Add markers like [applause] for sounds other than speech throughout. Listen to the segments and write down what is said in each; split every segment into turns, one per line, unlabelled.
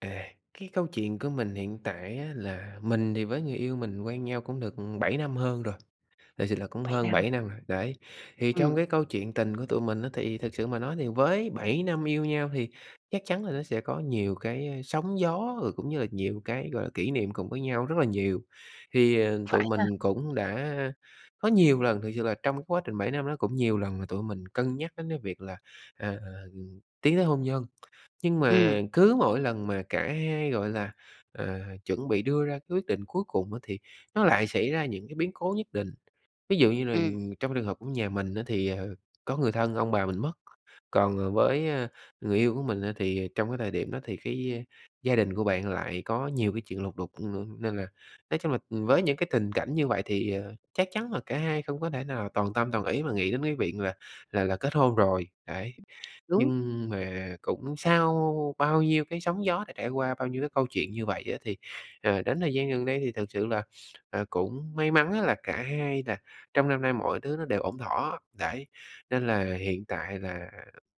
À, cái câu chuyện của mình hiện tại á là mình thì với người yêu mình quen nhau cũng được, ừm, 7 năm hơn rồi, thiệt sự là cũng
7
hơn
năm.
7 năm rồi, đấy. Thì trong
Ừm.
cái câu chuyện tình của tụi mình á, thì thực sự mà nói thì với 7 năm yêu nhau thì chắc chắn là nó sẽ có nhiều cái, a, sóng gió, rồi cũng như là nhiều cái, gọi là, kỷ niệm cùng với nhau rất là nhiều. Thì, ờ, tụi
Phải ha!
mình cũng đã có nhiều lần thiệt sự là trong cái quá trình 7 năm đó cũng nhiều lần là tụi mình cân nhắc đến cái việc là, à, à, ừm, tiến tới hôn nhân. Nhưng
Ừm.
mà cứ mỗi lần mà cả hai, gọi là, ờ, chuẩn bị đưa ra cái quyết định cuối cùng á, thì nó lại xảy ra những cái biến cố nhất định. Ví dụ như là,
Ừm.
ừm, trong trường hợp của nhà mình á thì, ờ, có người thân ông bà mình mất. Còn, ờ, với, ơ, người yêu của mình á thì trong cái thời điểm đó thì cái, ơ, gia đình của bạn lại có nhiều cái chuyện lục đục, ừm, nên là nói chung là với những cái tình cảnh như vậy thì, ờ, chắc chắn là cả hai không có thể nào toàn tâm, toàn ý mà nghĩ đến cái viện là là là kết hôn rồi, đấy.
Đúng.
Nhưng mà cũng sau bao nhiêu cái sóng gió đã trải qua, bao nhiêu cái câu chuyện như vậy á, thì, ờ, đến thời gian gần đây thì thực sự là, à, cũng may mắn á là cả hai là trong năm nay mọi thứ nó đều ổn thỏa, đấy. Nên là hiện tại là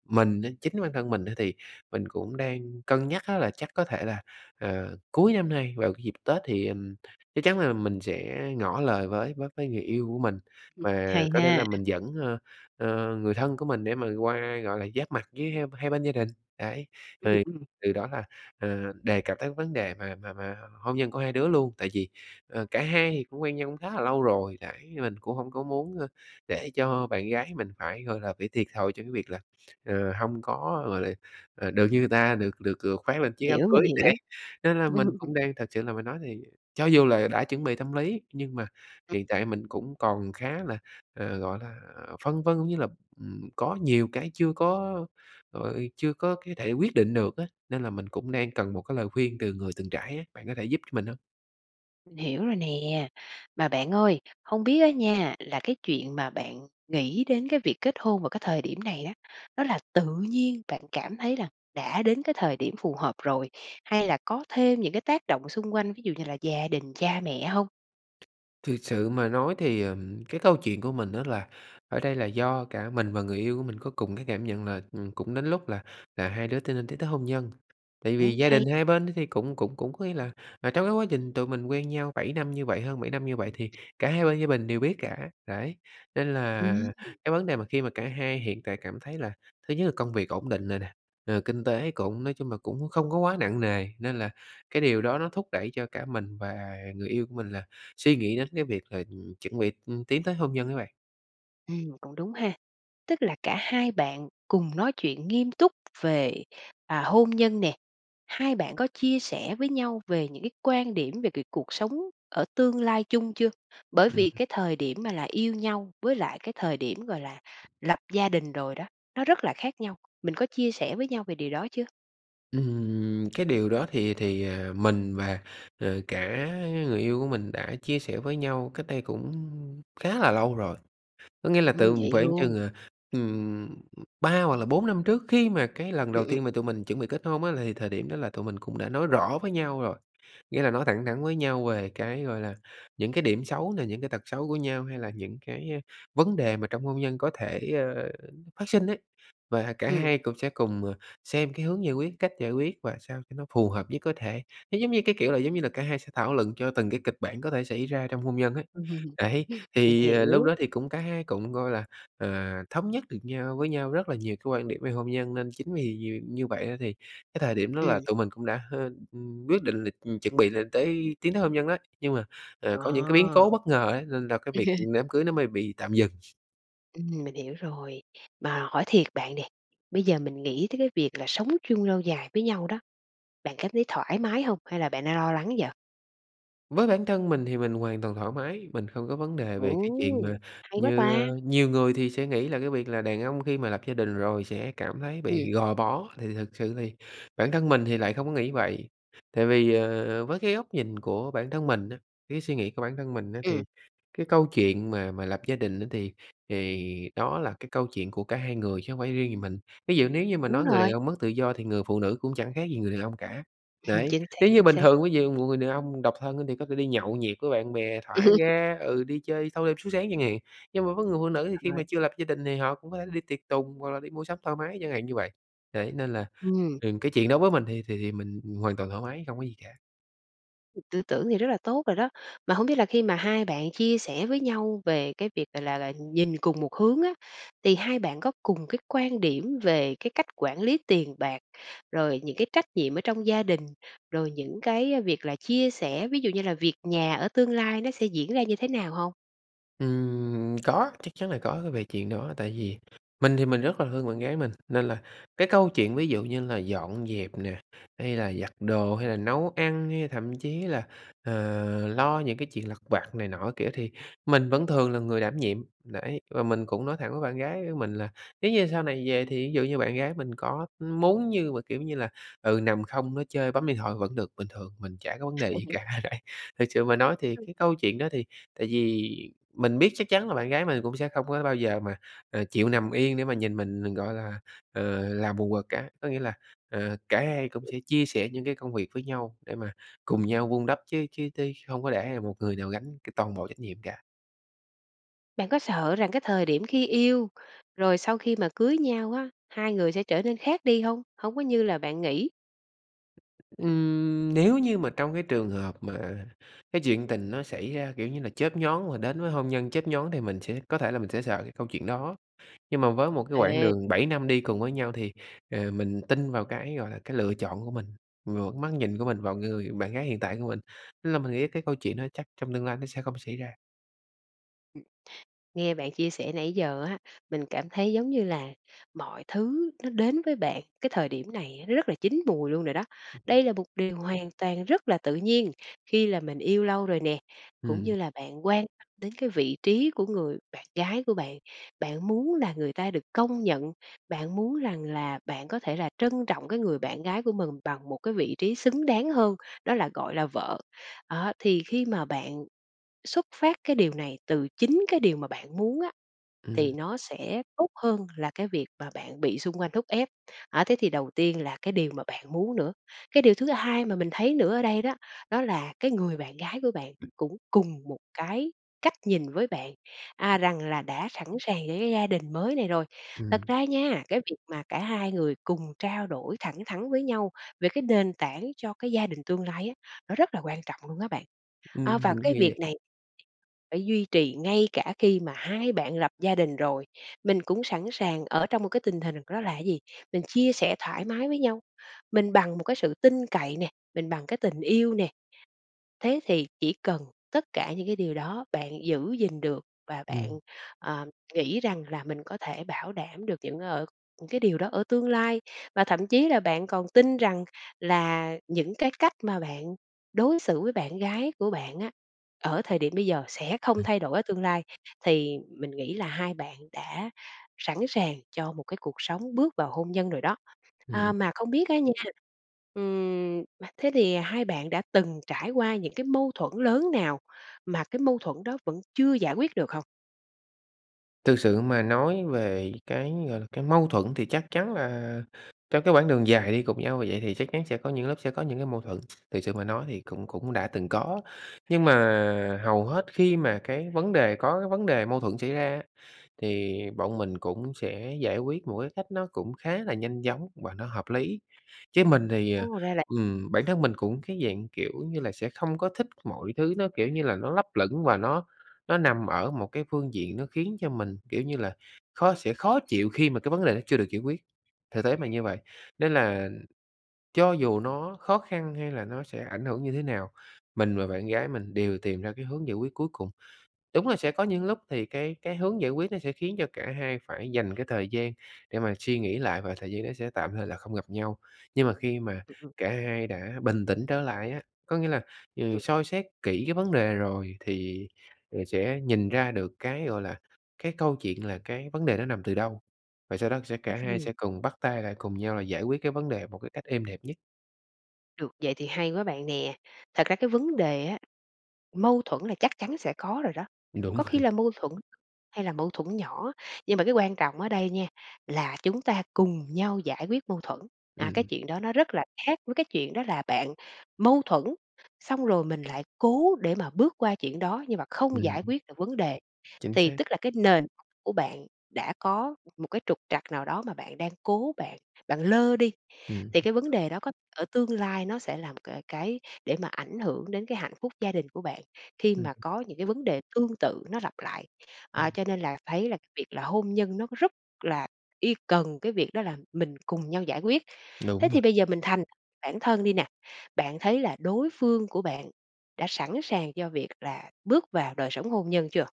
mình đến chính bản thân mình á thì mình cũng đang cân nhắc á là chắc có thể là, ờ, cuối năm nay vào cái dịp Tết thì, ừm, chắc chắn là mình sẽ ngỏ lời với với với người yêu của mình
Ừm,
và
hay
có thể là
ha!
mình dẫn, ơ, ơ, người thân của mình để mà qua, gọi là, giáp mặt với h hai bên gia đình. Đấy,
Ừm,
thì
ừm.
từ đó là, ờ, đề cập tới vấn đề mà mà mà h hôn nhân của hai đứa luôn. Tại vì, ờ, cả hai thì cũng quen nhau cũng khá là lâu rồi, đấy, mình cũng hông có muốn, ơ, để cho bạn gái mình phải, gọi là, bị thiệt thòi trong cái việc là, ờ, hông có, gọi là, ờ, được như người ta, được được được khoác
Mình
lên chiếc áo
hiểu, mình
cưới,
hiểu.
đấy. Nên là
Ừm,
mình
ừm.
cũng đang thực sự là mình nói thì cho dù là đã chuẩn bị tâm lý, nhưng mà
Ừm.
hiện tại mình cũng còn khá là, ờ, gọi là, ờ, phân vân, cũng như là, ừm, có nhiều cái chưa có rồi chưa có cái thể quyết định được á nên là mình cũng đang cần một cái lời khuyên từ người từng trải ấy, bạn có thể giúp cho mình hông?
Mình hiểu rồi nè! Mà bạn ơi, hông biết á nha, là cái chuyện mà bạn nghĩ đến cái việc kết hôn vào cái thời điểm này á, đó là tự nhiên bạn cảm thấy là đã đến cái thời điểm phù hợp rồi hay là có thêm những cái tác động xung quanh, ví dụ như là gia đình, cha mẹ hông?
Thực sự mà nói thì, ừm, cái câu chuyện của mình á là ở đây là do cả mình và người yêu của mình có cùng cái cảm nhận là, ừm, cũng đến lúc là là hai đứa t nên tiến tới hôn nhân. Tại vì
Ừm,
gia
hay!
đình hai bên thì cũng cũng cũng có nghĩa là trong cái quá trình tụi mình quen nhau 7 năm như vậy, hơn 7 năm như vậy, thì cả hai bên gia bình đều biết cả. Đấy, nên
Ừm,
là
ừm
cái vấn đề mà khi mà cả hai hiện tại cảm thấy là thứ nhất là công việc ổn định rồi nè, rồi kinh tế cũng nói chung là cũng không có quá nặng nề nên là cái điều đó nó thúc đẩy cho cả mình và người yêu của mình là suy nghĩ đến cái việc là, ừm, chuẩn bị, ừm, tiến tới hôn nhân á bạn.
Ừm, cũng đúng ha. Tức là cả hai bạn cùng nói chuyện nghiêm túc về, à, hôn nhân nè, hai bạn có chia sẻ với nhau về những cái quan điểm về cái cuộc sống ở tương lai chung chưa? Bởi
Ừm.
vì cái thời điểm mà là yêu nhau với lại cái thời điểm, gọi là, lập gia đình rồi đó, nó rất là khác nhau, mình có chia sẻ với nhau về điều đó chưa?
Ừm, cái điều đó thì thì, à, mình và, ờ, cả người yêu của mình đã chia sẻ với nhau cách đây cũng khá là lâu rồi. Có nghĩa là
Ừm,
từng
vậy
khoảng
luôn.
chừng, à, ừm, 3 hoặc là 4 năm trước, khi mà cái lần đầu
Ừm, ừm.
tiên mà tụi mình chuẩn bị kết hôn á, là thời điểm đó là tụi mình cũng đã nói rõ với nhau rồi. Nghĩa là nói thẳng thắn với nhau về cái, gọi là, những cái điểm xấu nè, những cái tật xấu của nhau hay là những cái, à, vấn đề mà trong hôn nhân có thể, ờ, phát sinh ấy. Và cả
Ừm.
hai cũng sẽ cùng, ờ, xem cái hướng giải quyết, cách giải quyết và sao cho nó phù hợp nhất có thể. Nó giống như cái, kiểu là, giống như là cả hai sẽ thảo luận cho từng cái kịch bản có thể xảy ra trong hôn nhân ấy. Đấy,
[laughs] Mình
thì, ờ, lúc
hiểu.
đó thì cũng cả hai cũng, gọi là, à, thống nhất được nhau với nhau rất là nhiều cái quan điểm về hôn nhân. Nên chính vì nhiều như vậy đó thì cái thời điểm đó là
Ừm.
tụi mình cũng đã, h ừm, quyết định là, ừm, chuẩn bị lên tới tiến tới hôn nhân đó. Nhưng mà, ờ, có những cái biến cố
Ờ.
bất ngờ ấy, nên là cái việc,
[laughs]
ừm, đám cưới nó mới bị tạm dừng.
Ừm, mình hiểu rồi. Mà hỏi thiệt bạn nè, bây giờ mình nghĩ tới cái việc là sống chung lâu dài với nhau đó, bạn cảm thấy thoải mái hông? Hay là bạn đang lo lắng vậy?
Với bản thân mình thì mình hoàn toàn thoải mái, mình không có vấn đề về cái chuyện mà
Ồ! Hay quá
như,
ta!
ờ nhiều người thì sẽ nghĩ là cái việc là đàn ông khi mà lập gia đình rồi sẽ cảm thấy
Ừm.
bị gò bó, thì thực sự thì bản thân mình thì lại không có nghĩ vậy. Tại vì, ờ, với cái góc nhìn của bản thân mình á, cái suy nghĩ của bản thân mình á thì
Ừm.
cái câu chuyện mà mà lập gia đình á thì thì đó là cái câu chuyện của cả hai người chứ không phải chỉ riêng gì mình. Ví dụ nếu như mà
Đúng
nói người đàn
rồi.
ông mất tự do thì người phụ nữ cũng chẳng khác gì người đàn ông cả.
[laughs]
Đấy,
Chính xác,
nếu như
chính
bình
xác.
thường ví dụ một người đàn ông độc thân thì có thể đi nhậu nhẹt với bạn bè
Ừm.
thả ga ừ, đi chơi thâu đêm suốt sáng chẳng hạn, nhưng mà với người phụ nữ thì khi
Rồi.
mà chưa lập gia đình thì họ cũng có thể đi tiệc tùng hoặc là đi mua sắm thoải mái chẳng hạn như vậy. Đấy, nên là,
Ừm.
ừm, cái chuyện đó với mình thì thì thì mình, ừm, hoàn toàn thoải mái, không có gì cả.
Ừm, tư tưởng thì rất là tốt rồi đó. Mà hông biết là khi mà hai bạn chia sẻ với nhau về cái việc, gọi là là, nhìn cùng một hướng á, thì hai bạn có cùng cái quan điểm về cái cách quản lý tiền bạc, rồi những cái trách nhiệm ở trong gia đình, rồi những cái, ờ, việc là chia sẻ ví dụ như là việc nhà ở tương lai nó sẽ diễn ra như thế nào hông?
Ừm, có, chắc chắn là có về chuyện đó. Tại vì mình thì mình rất là thương bạn gái mình, nên là cái câu chuyện ví dụ như là dọn dẹp nè, hay là giặt đồ hay là nấu ăn hay thậm chí là, ờ, lo những cái chuyện lặt vặt này nọ c kiểu thì mình vẫn thường là người đảm nhiệm. Đấy, và mình cũng nói thẳng với bạn gái của mình là nếu như sau này về thì ví dụ như bạn gái mình có muốn như mà, kiểu như là, ừ, nằm không, nói chơi, bấm điện thoại vẫn được, bình thường, mình chả có vấn đề gì
[laughs]
cả đấy. Thực sự mà nói thì
Ừm.
cái câu chuyện đó thì tại vì mình biết chắc chắn là bạn gái mình cũng sẽ không có bao giờ mà, à, chịu nằm yên để mà nhìn mình, ờ, gọi là, ờ, làm quần quật cả, có nghĩa là, à, cả hai cũng sẽ chia sẻ những cái công việc với nhau để mà cùng nhau vun đắp chứ chứ tí không có để ai một người nào gánh t toàn bộ trách nhiệm cả.
Bạn có sợ rằng cái thời điểm khi yêu, rồi sau khi mà cưới nhau á, hai người sẽ trở nên khác đi hông? Hông có như là bạn nghĩ?
Ừm, nếu như mà trong cái trường hợp mà cái chuyện tình nó xảy ra, kiểu như là, chớp nhoáng và đến với hôn nhân chớp nhoáng thì mình sẽ có thể là mình sẽ sợ cái câu chuyện đó. Nhưng mà với một cái quãng
Ê.
đường 7 năm đi cùng với nhau thì, à, mình tin vào cái, gọi là, cái lựa chọn của mình, vào cái mắt nhìn của mình, vào người bạn gái hiện tại của mình, tức là mình nghĩ cái câu chuyện đó chắc trong tương lai nó sẽ không xảy ra.
Ừm, nghe bạn chia sẻ nãy giờ á, mình cảm thấy giống như là mọi thứ nó đến với bạn cái thời điểm này nó rất là chín mùi luôn rồi đó. Đây là một điều hoàn toàn rất là tự nhiên khi là mình yêu lâu rồi nè, cũng
Ừm.
như là bạn quan tâm đến cái vị trí của người bạn gái của bạn. Bạn muốn là người ta được công nhận, bạn muốn rằng là bạn có thể là trân trọng cái người bạn gái của mình bằng một cái vị trí xứng đáng hơn, đó là, gọi là, vợ. Đó, thì khi mà bạn xuất phát cái điều này từ chính cái điều mà bạn muốn á thì
Ừm.
nó sẽ tốt hơn là cái việc mà bạn bị xung quanh thúc ép. Á, thế thì đầu tiên là cái điều mà bạn muốn nữa. Cái điều thứ hai mà mình thấy nữa ở đây đó, đó là cái người bạn gái của bạn cũng cùng một cái cách nhìn với bạn, à, rằng là đã sẵn sàng để gia đình mới này rồi. Thật
Ừm.
ra nha, cái việc mà cả hai người cùng trao đổi thẳng thắn với nhau về cái nền tảng cho cái gia đình tương lai á nó rất là quan trọng luôn á bạn, à,
Ừm,
và
mình cũng
cái
nghĩ
việc
vậy.
này phải duy trì ngay cả khi mà hai bạn lập gia đình rồi, mình cũng sẵn sàng ở trong một cái tình hình đó là gì? Mình chia sẻ thoải mái với nhau, mình bằng một cái sự tin cậy nè, mình bằng cái tình yêu nè. Thế thì chỉ cần tất cả những cái điều đó bạn giữ gìn được và bạn,
Ừm.
ờ, nghĩ rằng là mình có thể bảo đảm được những ở cái điều đó ở tương lai, và thậm chí là bạn còn tin rằng là những cái cách mà bạn đối xử với bạn gái của bạn á, ở thời điểm bây giờ sẽ không
Ừm.
thay đổi ở tương lai thì mình nghĩ là hai bạn đã sẵn sàng cho một cái cuộc sống bước vào hôn nhân rồi đó. À,
Ừm.
mà không biết á nha, ừm, thế thì hai bạn đã từng trải qua những cái mâu thuẫn lớn nào mà cái mâu thuẫn đó vẫn chưa giải quyết được không?
Thực sự mà nói về cái, gọi là, cái mâu thuẫn thì chắc chắn là trong cái quãng đường dài đi cùng nhau vậy thì chắc chắn sẽ có những lúc sẽ có những cái mâu thuẫn. Thực sự mà nói thì cũng cũng đã từng
[unintelligible]
có, nhưng mà hầu hết khi mà cái vấn đề có cái vấn đề mâu thuẫn xảy ra á, thì bọn mình cũng sẽ giải quyết một cái cách nó cũng khá là nhanh chóng và nó hợp lý. Chứ mình thì, à,
Ô, ra là
ừm, bản thân mình cũng cái dạng, kiểu như là, sẽ không có thích mọi thứ, nó, kiểu như là, nó lấp lửng và nó nó nằm ở một cái phương diện nó khiến cho mình, kiểu như là, khó sẽ khó chịu khi mà cái vấn đề nó chưa được giải quyết, thực tế mà như vậy. Nên là cho dù nó khó khăn hay là nó sẽ ảnh hưởng như thế nào, mình và bạn gái mình đều tìm ra cái hướng giải quyết cuối cùng. Đúng là sẽ có những lúc thì cái cái hướng giải quyết nó sẽ khiến cho cả hai phải dành cái thời gian để mà suy nghĩ lại, và thời gian đó sẽ tạm thời là không gặp nhau. Nhưng mà khi mà
[unintelligible]
cả hai đã bình tĩnh trở lại á, có nghĩa là, ừ,
Ừm.
soi xét kỹ cái vấn đề rồi thì rồi sẽ nhìn ra được cái, gọi là, cái câu chuyện là cái vấn đề nó nằm từ đâu, và sau đó sẽ
Ư,
cả hai
ừm.
sẽ cùng bắt tay lại cùng nhau là giải quyết cái vấn đề một cái cách êm đẹp nhất.
Được vậy thì hay quá bạn nè. Thật ra cái vấn đề á, mâu thuẫn là chắc chắn sẽ có rồi đó,
Đúng
có khi
rồi.
là mâu thuẫn hay là mâu thuẫn nhỏ, nhưng mà cái quan trọng ở đây nha là chúng ta cùng nhau giải quyết mâu thuẫn. À, cái
Ừm.
chuyện đó nó rất là khác với cái chuyện đó là bạn mâu thuẫn, xong rồi mình lại cố để mà bước qua chuyện đó nhưng mà không giải
Ừm.
quyết được vấn đề.
Chính
Thì
xác.
tức là cái nền của bạn đã có m một cái trục trặc nào đó mà bạn đang cố bạn bạn lơ đi,
Ừm.
thì cái vấn đề đó có ở tương lai nó sẽ làm c cái để mà ảnh hưởng đến cái hạnh phúc gia đình của bạn khi
Ừm.
mà có những cái vấn đề tương tự nó lặp lại. À,
Ừm.
cho nên là thấy là cái việc là hôn nhân nó có rất là y cần cái việc đó là mình cùng nhau giải quyết. Thế
Đúng
thì
rồi.
bây giờ mình thành bản thân đi nè, bạn thấy là đối phương của bạn đã sẵn sàng cho việc là bước vào đời sống hôn nhân chưa?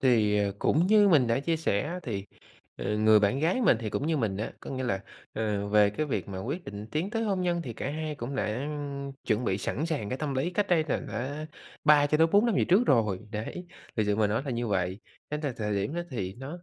Thì, ờ, cũng như mình đã chia sẻ thì, ờ, người bạn gái mình thì cũng như mình á, có nghĩa là, ờ, về cái việc mà quyết định tiến tới hôn nhân thì cả hai cũng đã, ưm, chuẩn bị sẵn sàng cái tâm lý, cách đây là đã 3 cho tới 4 năm về trước rồi, đấy, thực sự mà nói là như vậy. Nên là thời điểm đó thì nó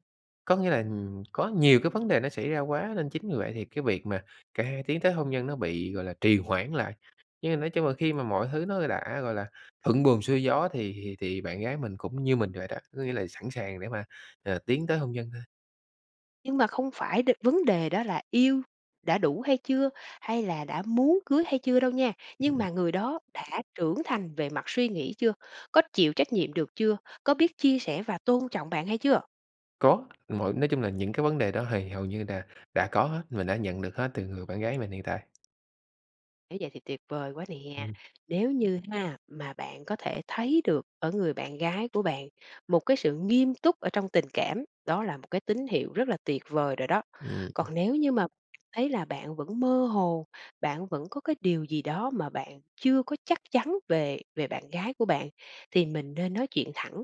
có nghĩa là, ưm, có nhiều cái vấn đề nó xảy ra quá, nên chính vì vậy thì cái việc mà cả hai tiến tới hôn nhân nó bị, gọi là, trì hoãn lại. Nhưng mà nói chung là khi mà mọi thứ nó đã, gọi là, thuận buồm xuôi gió thì thì thì bạn gái mình cũng như mình rồi đó, có nghĩa là sẵn sàng để mà, ờ, tiến tới hôn nhân thôi.
Nhưng mà không phải được vấn đề đó là yêu đã đủ hay chưa hay là đã muốn cưới hay chưa đâu nha, nhưng mà người đó đã trưởng thành về mặt suy nghĩ chưa? Có chịu trách nhiệm được chưa? Có biết chia sẻ và tôn trọng bạn hay chưa?
Có, mỗi nói chung là những cái vấn đề đó hì hầu như là đã có hết, mình đã nhận được hết từ người bạn gái mình hiện tại.
Nếu vậy thì tuyệt vời quá nè!
Ừm.
Nếu như ha mà bạn có thể thấy được ở người bạn gái của bạn một cái sự nghiêm túc ở trong tình cảm, đó là một cái tín hiệu rất là tuyệt vời rồi đó.
Ừm, ừm.
Còn nếu như mà thấy là bạn vẫn mơ hồ, bạn vẫn có cái điều gì đó mà bạn chưa có chắc chắn về về bạn gái của bạn, thì mình nên nói chuyện thẳng.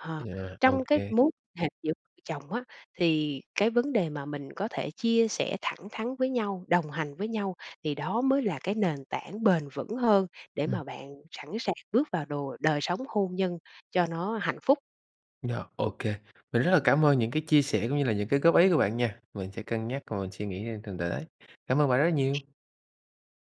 Hờ,
Vậy hả? Ô
trong cái
kê.
mối hệ giữa chồng á thì cái vấn đề mà mình có thể chia sẻ thẳng thắn với nhau, đồng hành với nhau thì đó mới là cái nền tảng bền vững hơn để
Ừm.
mà bạn sẵn sàng bước vào đồ đời sống hôn nhân cho nó hạnh phúc.
Rồi, ô kê, mình rất là cảm ơn những cái chia sẻ cũng như là những cái góp ý của bạn nha, mình sẽ cân nhắc và mình suy nghĩ, ơ, thường để. Cảm ơn bạn rất nhiều!